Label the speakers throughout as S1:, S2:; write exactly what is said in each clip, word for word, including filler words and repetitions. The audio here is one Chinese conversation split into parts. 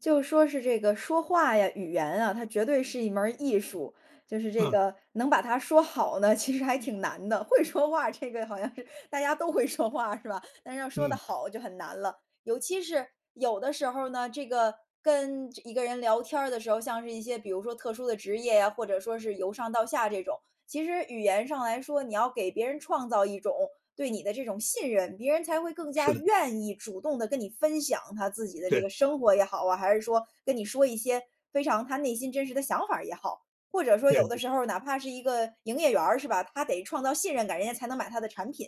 S1: 就说是这个说话呀、语言啊，它绝对是一门儿艺术。就是这
S2: 嗯。
S1: 个能把它说好呢，其实还挺难的，会说话这个好像是大家都会说话是吧？但是要说得
S2: 嗯。
S1: 好就很难了。尤其是有的时候呢，这个跟这一个人聊天儿的时候，像是一些比如说特殊的职业呀，或者说是由上到下这种，其实语言上来说，你要给别人创造一种，对你的这种信任，别人才会更加
S2: 是的。
S1: 愿意主动地跟你分享，他自己的这
S2: 对。
S1: 个生活也好啊，还是说，跟你说一些非常他内心真实的想法儿也好。或者说有的
S2: 对。
S1: 时候，哪怕是一个营业员儿，是吧？他得创造信任感，人家才能买他的产品。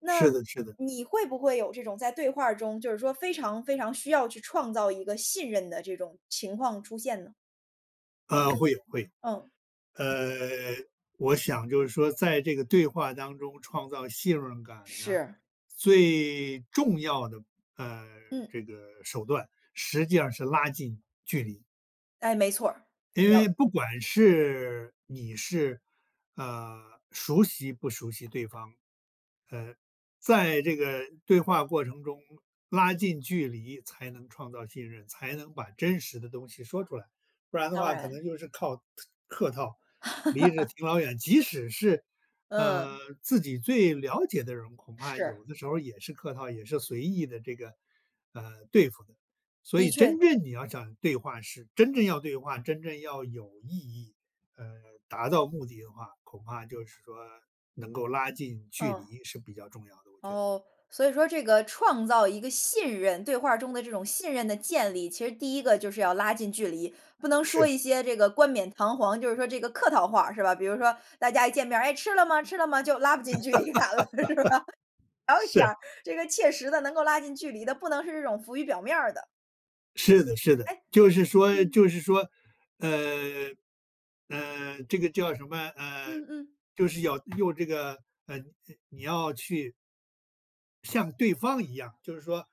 S1: 那
S2: 是的是的。
S1: 你会不会有这种在对话儿中，就是说非常非常需要去创造一个信任的这种情况出现呢？
S2: 呃，会有会有。
S1: 嗯。
S2: 呃，我想就是说在这个对话当中创造信任感呢，
S1: 是。
S2: 最重要的，呃，
S1: 嗯。
S2: 这个手段实际上是拉近距离。
S1: 哎，没错儿，
S2: 因为
S1: 呃
S2: 不管是，你是，啊，熟悉不熟悉对方，呃，在这个对话过程中，拉近距离才能创造信任，才能把真实的东西说出来。不然的
S1: 当
S2: 话可
S1: 然。
S2: 能就是靠客客套，离着 挺老远。即使是，呃，
S1: 嗯。
S2: 自己最了解的人，恐怕
S1: 是。
S2: 有的时候也是客套，也是随意的这个，呃，对付的。所
S1: 的
S2: 以
S1: 确。
S2: 真正你要想对话，是真正要对话，真正要有意义，呃，达到目的的话，恐怕就是说能够拉近距
S1: 嗯。
S2: 离是比较重要的，我觉得。
S1: 哦，所以说这个创造一个信任对话儿中的这种信任的建立，其实第一个就是要拉近距离，不能说
S2: 是。
S1: 一些这个冠冕堂皇，就是说这个客套话，是吧？比如说大家一见面儿，“哎，吃了吗？吃了吗？”就拉不近距离感了，是吧？还有一点
S2: 是。
S1: 儿，这个切实地能够拉近距离的，不能是这种浮于表面儿的。
S2: 是的是的，
S1: 哎
S2: 就是说
S1: 嗯。
S2: 就是说，呃，呃，这个叫什么？呃，
S1: 嗯嗯。
S2: 就是要用这个呃，呃，你要去像对方一样，就是说，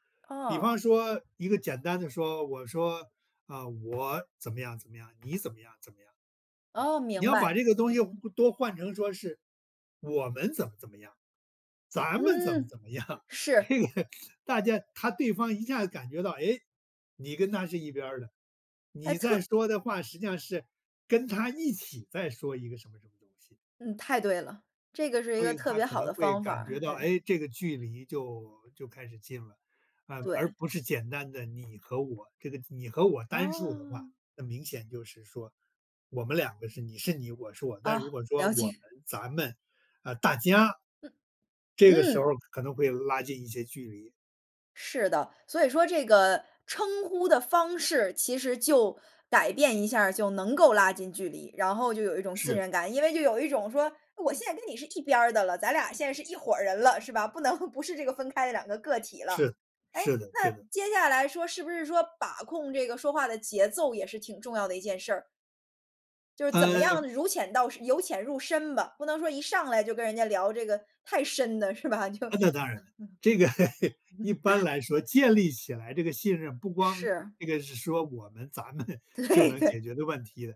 S2: 比
S1: 哦。
S2: 方说一个简单地说，我说：“啊，我怎么样怎么样，你怎么样怎么样。”
S1: 哦，
S2: 你
S1: 明
S2: 要把
S1: 白，
S2: 这个东西换
S1: 嗯。
S2: 都换成说是，我们怎么怎么样，咱们怎么
S1: 嗯，
S2: 怎么样。
S1: 是。
S2: 这个大家他对方一下子感觉到，哎？你跟他是一边儿的，
S1: 还
S2: 你在
S1: 特
S2: 说的话，实际上是跟他一起在说一个什么什么东西。
S1: 嗯，太对了。这个是一
S2: 所
S1: 个
S2: 以
S1: 特
S2: 他
S1: 别
S2: 可
S1: 好
S2: 能
S1: 的
S2: 会
S1: 方法
S2: 感
S1: 儿。
S2: 觉到，
S1: 对。
S2: 哎，这个距离就就开始近了，而不而
S1: 对。
S2: 不是简单的，你和我。这个你和我单数的话，
S1: 哦。
S2: 那明显就是说，我们两个是，你是你我是我，但如
S1: 啊，
S2: 果说
S1: 了
S2: 我们、
S1: 解。
S2: 咱们、啊，大家，
S1: 嗯
S2: 这个时候
S1: 嗯。
S2: 可能会拉近一些距离。
S1: 是的，所以说这个称呼的方式，其实就改变一下儿，就能够拉近距离，然后就有一种信
S2: 是。
S1: 任感。因为就有一种说，我现在跟你是一边儿的了，咱俩现在是一伙人了，是吧？不能不是这个分开的两个个体了。
S2: 是，
S1: 哎？
S2: 是的是
S1: 那
S2: 的。
S1: 接下来说，是不是说把控这个说话的节奏也是挺重要的一件事儿？就是怎么
S2: 呃
S1: 样如浅到深由浅入深吧，不能说一上来就跟人家聊这个太深的，是吧？就
S2: 啊，
S1: 嗯。
S2: 那当然。这个 一般 来说，建立起来这个信任，不光
S1: 是。
S2: 这个是说我们、咱们 就
S1: 对
S2: 能
S1: 的。
S2: 解决的问题的。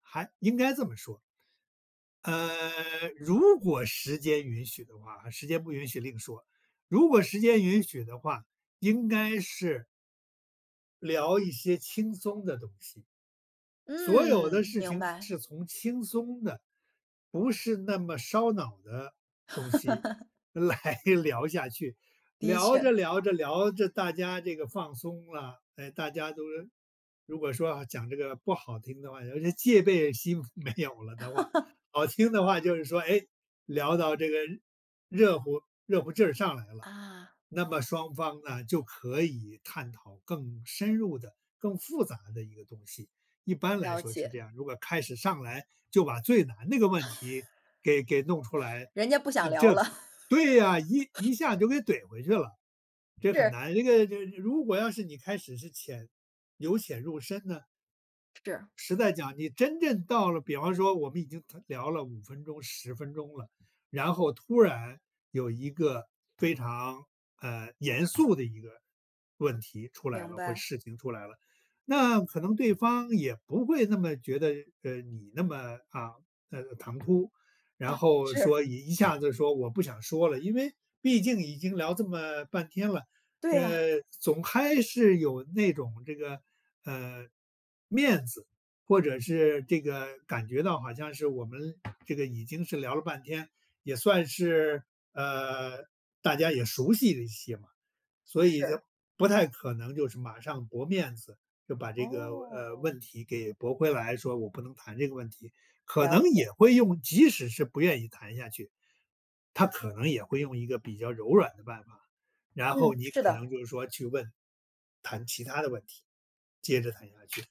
S2: 还应该这么说呃，如果时间允许的话，时间不允许另说。如果时间允许的话，应该是聊一些轻松的东西，所有的
S1: 嗯，
S2: 事
S1: 明
S2: 情
S1: 白。
S2: 是从轻松的，不是那么烧脑的东西 来聊下去，
S1: 的
S2: 聊
S1: 确。
S2: 着聊着聊着大家这个放松了。哎，大家都是如果说要讲这个不好听的话，有些这个戒备心没有了的话，好听的话就是说，哎，聊到这个，热乎热乎劲儿上来了，
S1: 啊。
S2: 那么双方呢，就可以探讨更深入的、更复杂的一个东西。一般来
S1: 了
S2: 说是这
S1: 解。
S2: 样，如果开始上来就把最难那个问题，给给弄出来，
S1: 人家不想聊
S2: 这
S1: 了。
S2: 对啊，一一下就给 怼回去了。这很
S1: 是。
S2: 难这个这个如果要是你开始是浅由浅入深呢？
S1: 是。
S2: 实在讲，你真正到了比方说我们已经它聊了五分钟、十分钟了。然后突然有一个非常，呃，严肃的一个问题出来
S1: 明
S2: 了，或
S1: 白。
S2: 事情出来了，那可能对方也不会那么觉得，呃，你那么啊，呃，唐突，然
S1: 啊，
S2: 后
S1: 是。
S2: 说一一下子说：“我不想说了”。因为毕竟已经聊这么半天了，
S1: 对啊。
S2: 呃，总还是有那种这个，呃，面子或者是这个感觉到好像是我们这个已经是聊了半天，也算是，呃，大家也熟悉了一些嘛。所以就
S1: 是。
S2: 不太可能就是马上驳面子，就把这个，呃，
S1: 哦。
S2: 问题给驳回来，说：“我不能谈这个问题”，可
S1: 了
S2: 能
S1: 解。
S2: 也会用即使是不愿意谈下去，他可能也会用一个比较柔软的办法，然后
S1: 嗯，
S2: 你
S1: 是
S2: 可
S1: 的。
S2: 能就是说，去问谈其他的问题，接着谈下去。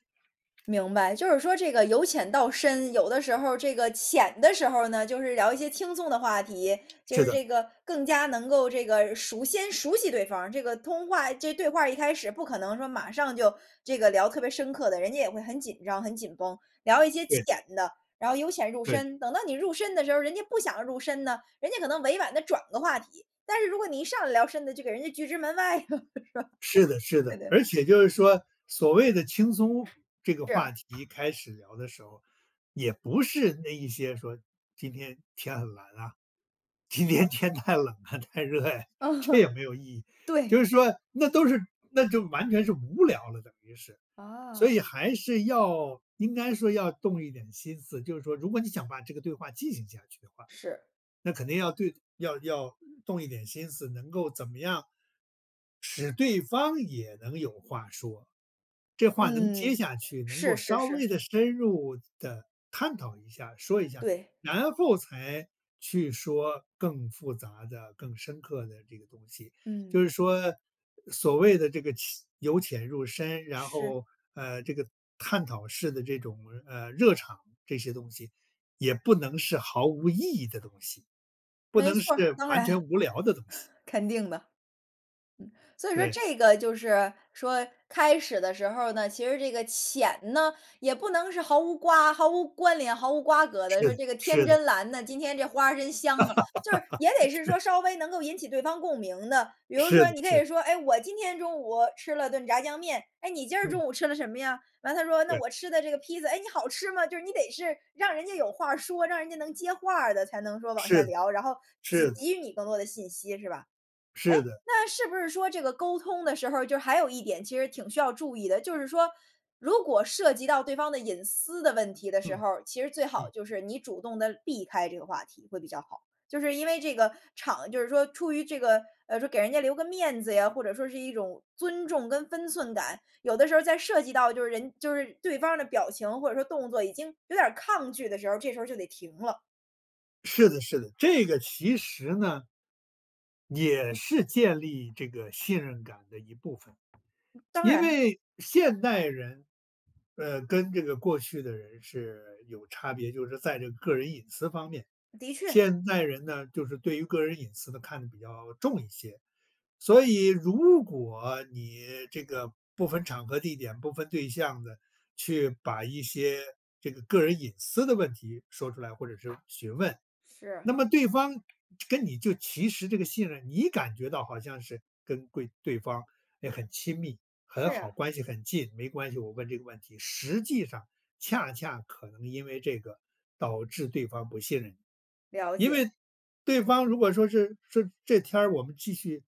S1: 明白，就是说这个由浅到深，有的时候儿这个浅的时候儿呢，就是聊一些轻松的话题，就
S2: 是
S1: 是
S2: 的。
S1: 这个更加能够这个熟先熟悉对方，这个通话这个对话儿一开始不可能说马上就这个聊特别深刻的，人家也会很紧张、很紧绷，聊一些
S2: 对。
S1: 浅的。然后由浅入
S2: 对。
S1: 深，等到你入深的时候，人家不想入深呢？人家可能委婉地转个话题。但是如果你一上来聊深的，就给人家拒之门外了，是吧？
S2: 是的是
S1: 对
S2: 的，
S1: 的。
S2: 而且就是说，所谓的轻松，这个话
S1: 是。
S2: 题开始聊的时候，也不是那一些说：“今天天很蓝啊，今天天太冷啊、太热呀。”
S1: 呃
S2: 这
S1: 哼。
S2: 也没有意义。就
S1: 对。
S2: 是说，那都是那就完全是无聊了等于是。所
S1: 啊。
S2: 以还是要应该说要动一点心思，就是说如果你想把这个对话进行下去的话，
S1: 是。
S2: 那肯定要对要要动一点心思能够怎么样使对方也能有话说，这话能接
S1: 嗯，
S2: 下去，能够
S1: 是是
S2: 稍
S1: 是。
S2: 微地深入地探讨一下，说一下。
S1: 对。
S2: 然后才去说更复杂的、更深刻的这个东西，就
S1: 嗯。
S2: 是说，所谓的这个浅由浅入深，然
S1: 是。
S2: 后，呃，这个探讨式的这种，呃，热场这些东西，也不能是毫无意义的东西，不
S1: 没
S2: 能
S1: 错儿，
S2: 是
S1: 当
S2: 完
S1: 然，
S2: 全无聊的东西。
S1: 肯定的，嗯。所以说
S2: 对。
S1: 这个就是，说，开始的时候儿呢，其实这个浅呢，也不能是毫无瓜毫无关联、毫无瓜葛地
S2: 是
S1: 说：
S2: 的
S1: “这个天
S2: 是的。
S1: 真蓝呐，今天这花真香啊”，就是也 得是
S2: 对。
S1: 说稍微能够引起对方共鸣的。比如
S2: 是
S1: 说，
S2: 的
S1: 你可
S2: 是
S1: 以
S2: 的。
S1: 说：“哎，我今天中午吃了顿炸酱面，哎，你今儿中
S2: 嗯。
S1: 午吃了什么呀？”完了他说：“那
S2: 对。
S1: 我吃的这个披萨”，“哎，你好吃吗？”就是你得是让人家有话说，让人家能接话儿的，才能说往下
S2: 是的
S1: 聊，然后，给
S2: 是的。
S1: 给予你更多的信息，是吧？哎，
S2: 是的。
S1: 那是不是说这个沟通的时候儿，就还有一点其实挺需要注意的，就是说，如果涉及到对方的隐私的问题的时
S2: 嗯
S1: 候儿，其实最好
S2: 嗯。
S1: 就是，你主动地避开这个话题会比较好，就是因为这个场就是说出于这个，呃，说给人家留个面子呀，或者说是一种尊重跟分寸感，有的时候在涉及到就是人就是对方儿的表情或者说动作已经有点儿抗拒的时候儿，这时候儿就得停了。
S2: 是的是的，这个其实呢也是建立这个信任感的一部分。
S1: 当
S2: 因
S1: 然。
S2: 为现代人，呃，跟这个过去的人是有差别，就是在这个个人隐私方面。
S1: 的确。
S2: 现代人呢，就是对于个人隐私的看得比较重一些。所以如果你这个不分场合地点、不分对象的，去把一些这个个人隐私的问题说出来，或者是询问。那
S1: 是。
S2: 么对方跟你就其实这个信任，你感觉到好像是跟贵对方也很亲密、很
S1: 是
S2: 好、
S1: 呀。
S2: 关系很近，没关系，我问这个问题，实际上恰恰可能因为这个，导致对方不信任你。
S1: 了
S2: 因
S1: 解。
S2: 为对方如果说是，说：“这天儿我们继续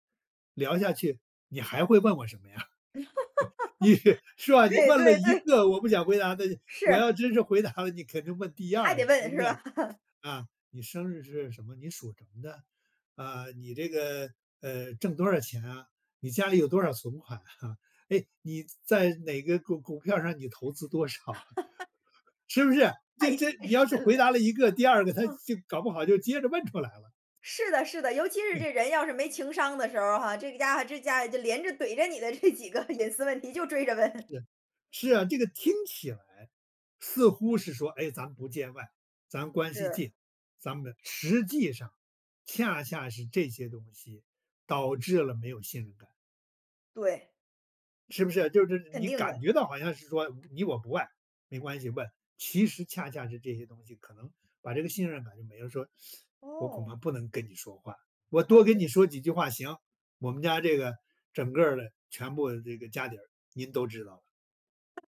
S2: 聊下去，你还会问我什么呀？” 你是是吧，你
S1: 对
S2: 问了
S1: 对
S2: 一
S1: 对。
S2: 个我不想回答的，我
S1: 是。
S2: 要真是回答了，你肯定问第
S1: 你还
S2: 二
S1: 得
S2: 个，
S1: 问
S2: 对不
S1: 是
S2: 对？
S1: 吧？
S2: “啊，你生日是什么？你属什么的？啊，你这个，呃，挣多少钱啊？你家里有多少存款啊？哎，你在哪个股股票上你投资多少啊？”是不是？
S1: 太
S2: 这
S1: 太
S2: 这
S1: 太
S2: 你要是
S1: 深了，
S2: 回答了一个，第二个他
S1: 嗯。
S2: 就搞不好就接着问出来了。
S1: 是的是的，尤其是
S2: 嗯。
S1: 这人要是没情商的时候哈，这家伙这家伙就连着怼着你的这几个隐私问题就追着问。
S2: 是，是啊，这个听起来似乎是说，哎，咱们不见外，咱关系
S1: 是。
S2: 近，咱们实际上恰恰是这些东西，导致了没有信任感。
S1: 对。
S2: 是不是？就是
S1: 肯
S2: 你
S1: 定
S2: 感
S1: 的。
S2: 觉到好像是说，你我不外，没关系问。其实恰恰是这些东西，可能把这个信任感就没了，说：“我恐
S1: 哦。
S2: 怕不能跟你说话，我
S1: 了
S2: 多跟
S1: 解。
S2: 你说几句话，行，我们家这个整个儿的全部这个家底儿，您都知道了。”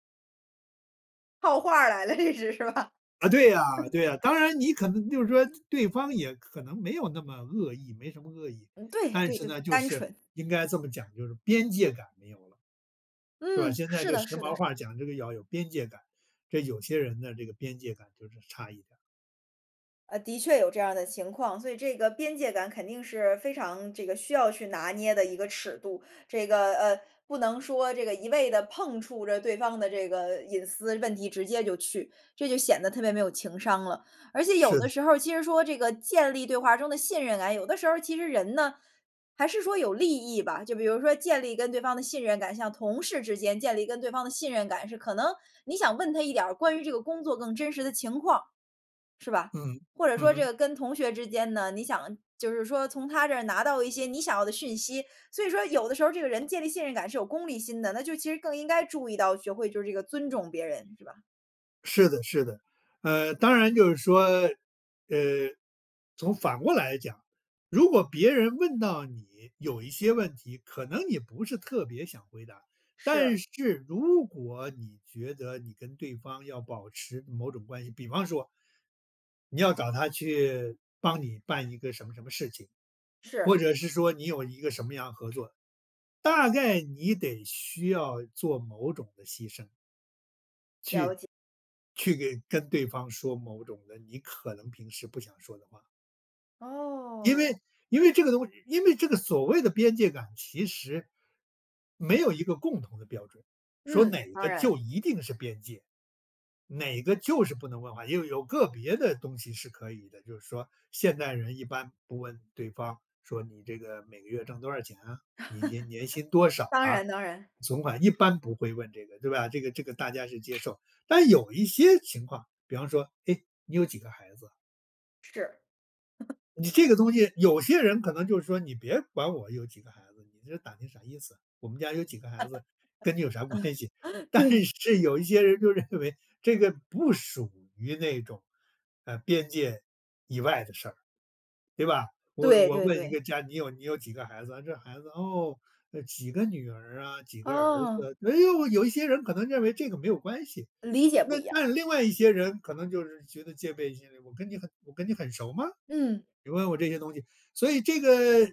S1: 套话儿来的这是，是吧？
S2: 啊，对呀 对呀。当然你可能就是说，对方也可能没有那么恶意，没什么恶意。
S1: 嗯，对
S2: 但
S1: 对
S2: 是
S1: 对，
S2: 呢，就
S1: 单
S2: 是
S1: 纯。
S2: 应该这么讲，就是边界感没有了，是吧？
S1: 嗯，
S2: 现在
S1: 是
S2: 这时
S1: 的是的
S2: 髦
S1: 是
S2: 话
S1: 的。
S2: 儿讲这个要有边界感，这有些人的这个边界感就是差一点儿。
S1: 呃，的确有这样儿的情况，所以这个边界感肯定是非常这个需要去拿捏的一个尺度。这个，呃不能说这个一味地碰触着对方的这个隐私问题直接就去，这就显得特别没有情商了。而且有
S2: 是的。
S1: 的时候儿其实说这个建立对话中的信任感，有的时候儿，其实人呢，还是说有利益吧，就比如说建立跟对方的信任感，像同事之间建立跟对方的信任感，是可能你想问他一点儿关于这个工作更真实的情况，是吧？
S2: 嗯，
S1: 或者
S2: 嗯
S1: 说这
S2: 哼。
S1: 个跟同学之间呢，你想，就是说从他这儿拿到一些你想要的讯息。所以说有的时候这个人建立信任感是有功利心的，那就其实更应该注意到学会就是这个尊重别人，是吧？
S2: 是的是的。呃，当然就是说，呃，从反过来讲，如果别人问到你有一些问题，可能你不是特别想回答，
S1: 是。
S2: 但是如果你觉得你跟对方要保持某种关系，比方说你要找他去帮你办一个什么什么事情，或
S1: 是。
S2: 者是说你有一个什么样合作，大概你得需要做某种的牺牲。去
S1: 了解。
S2: 去给跟对方说某种的，你可能平时不想说的话。因
S1: 哦。
S2: 为因为这个东西因为这个所谓的边界感其实没有一个共同的标准，说
S1: 嗯，
S2: 哪
S1: 当
S2: 个就
S1: 然。
S2: 一定是边界，哪个就是不能问话，也有个别的东西是可以的，就是说现代人一般不问对方说：“你这个每个月挣多少钱啊，你年年薪多 少
S1: 当
S2: 啊、
S1: 然当然。
S2: 存款？“一般不会问这个对吧？这个这个大家是接受，但有一些情况，比方说：“哎，你有几个孩子？”
S1: 是。
S2: 你这个东西有些人可能就是说：“你别管我有几个孩子，你这打听啥意思？我们家有几个孩子跟你有啥关系？” 但
S1: 对。
S2: 是，有一些人就认为这个不属于那种，呃，边界以外的事儿，对吧？我
S1: 对
S2: 我
S1: 对
S2: 问一
S1: 对。
S2: 个家：“你有你有几个孩子啊？这孩子，哦，几个女儿啊？几个儿
S1: 哦。
S2: 子？“哎呦，有一些人可能认为这个没有关系。
S1: 理解
S2: 那
S1: 不一样。
S2: 但另外一些人可能就是觉得戒备心理：“我跟你很我跟你很熟吗？
S1: 嗯。
S2: 你问我这些东西。“所以这个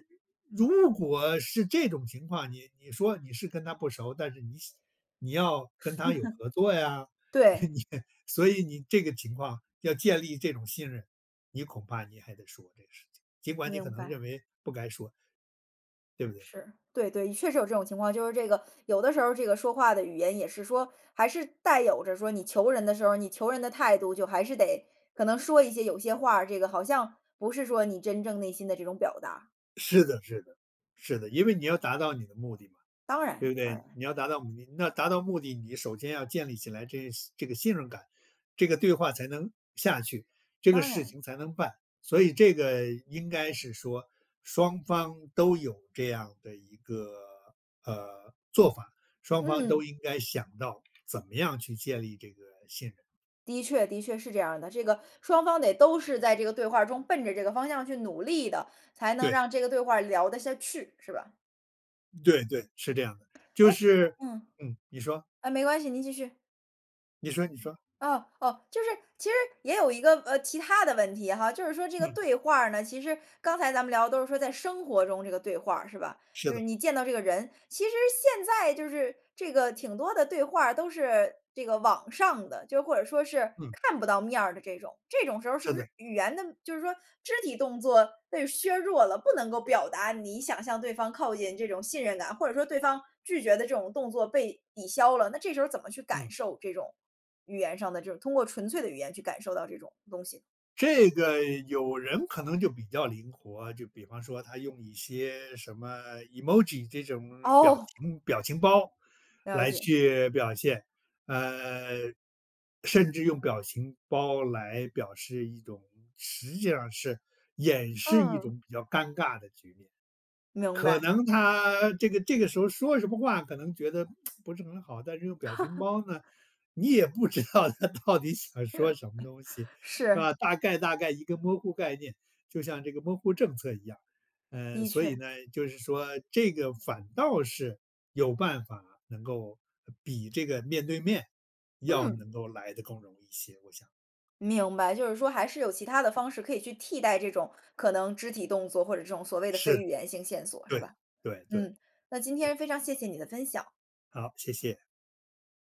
S2: 如果是这种情况，你你说你是跟他不熟，但是你想你要跟他有合作呀，
S1: 对。
S2: 你所以你这个情况要建立这种信任，你恐怕你还得说这个事情，尽管你
S1: 明
S2: 可能
S1: 白。
S2: 认为不该说。对不对？
S1: 是，对对，确实有这种情况。就是这个，有的时候这个说话的语言也是说，还是带有着说你求人的时候，你求人的态度就还是得可能说一些有些话儿，这个好像不是说你真正内心的这种表达。
S2: 是的是的，是的。因为你要达到你的目的嘛，
S1: 当
S2: 对
S1: 然
S2: 不
S1: 当
S2: 对？
S1: 然。
S2: 你要达到目的，那达到目的，你首先要建立起来，这这个信任感，这个对话才能下去，这个
S1: 当
S2: 事
S1: 然。
S2: 情才能办。所以这个应该是说双方都有这样的一个，呃，做法，双方
S1: 嗯。
S2: 都应该想到怎么样去建立这个信任。
S1: 的确的确，是这样儿的。这个双方得都是在这个对话儿中奔着这个方向去努力的，才能
S2: 对。
S1: 让这个对话儿聊得下去，是吧？
S2: 对对，是这样的。就
S1: 哎，
S2: 是
S1: 嗯。
S2: 嗯，你说。
S1: 哎，没关系，您继续。
S2: 你说你说。
S1: 哦哦。就是，其实也有一个，呃，其它的问题哈，就是说这个
S2: 嗯。
S1: 对话儿呢，其实刚才咱们聊的都是说在生活中这个对话儿，是吧？
S2: 是
S1: 就是
S2: 的。
S1: 你见到这个人。其实现在就是这个挺多的对话儿都是这个网上的，就或者说是，
S2: 嗯。
S1: 看不到面儿的这种。这种时候儿是
S2: 是
S1: 不是
S2: 的。
S1: 语言的就是说肢体动作被削弱了，不能够表达你想向对方靠近这种信任感，或者说对方拒绝的这种动作被抵消了，那这时候儿怎么去感
S2: 嗯。
S1: 受这种语言上的这种通过纯粹的语言去感受到这种东西。
S2: 这个有人可能就比较灵活，就比方说他用一些什么 Emoji 这种表
S1: 哦。
S2: 情表情包
S1: 了
S2: 来
S1: 解。
S2: 去表现。呃，甚至用表情包来表示一种实际上是掩饰一
S1: 嗯。
S2: 种比较尴尬的局面，
S1: 明
S2: 可
S1: 白。
S2: 能他这个这个时候说什么话，可能觉得 不是很好，但是用表情 包呢，你也不知道他到底想 说什么东西，是
S1: 是。
S2: 吧？大概大概一个摸呼概念，就像这个摸呼政策一样。呃，
S1: 的
S2: 所以
S1: 确。
S2: 呢，就是说这个反倒是有办法能够比这个面对面，要
S1: 嗯。
S2: 能够来得更容易一些，我想。
S1: 明白，就是说还是有其它的方式可以去替代这种，可能肢体动作或者这种所谓的非
S2: 是，
S1: 语言性线索，是
S2: 对，
S1: 吧？
S2: 对对，
S1: 嗯，那今
S2: 对。
S1: 天非常谢谢你的分享。
S2: 好，谢谢。